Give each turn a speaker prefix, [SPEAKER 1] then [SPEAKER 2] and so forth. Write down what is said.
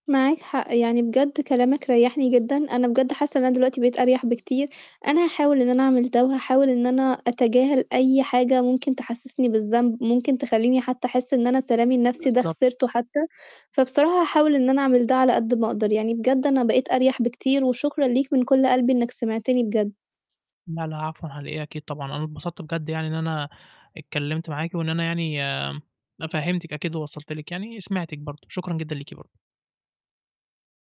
[SPEAKER 1] معاك حق، يعني بجد كلامك ريّحني جدًا، أنا بجد حاسّة إن أنا دلوقتي بقيت أريح بكتير، أنا هاحاول إن أنا أعمل ده وهاحاول إن أنا أتجاهل أي حاجة ممكن تحسّسني بالذنب، ممكن تخلّيني حتّى أحس إن أنا سلامي النَفْسي ده
[SPEAKER 2] بالضبط.
[SPEAKER 1] خِسرته حتّى، فبصراحة هاحاول إن أنا أعمل ده على قد ما أقدر، يعني بجد أنا بقيت أريَح بكتير وشكرًا ليك من كلّ قلبي إنّك سمعتني بجد.
[SPEAKER 2] لا، لا، عفوًا على إيه، أكيد طبعًا، أنا اتبسطت بجد يعني إن أنا اتكلّمت معاكِ وإن أنا يعني فهّمتِك أكيد ووصلت لِك يعني سمعتِك برضه، شكرًا جدًا ليكِ برضه.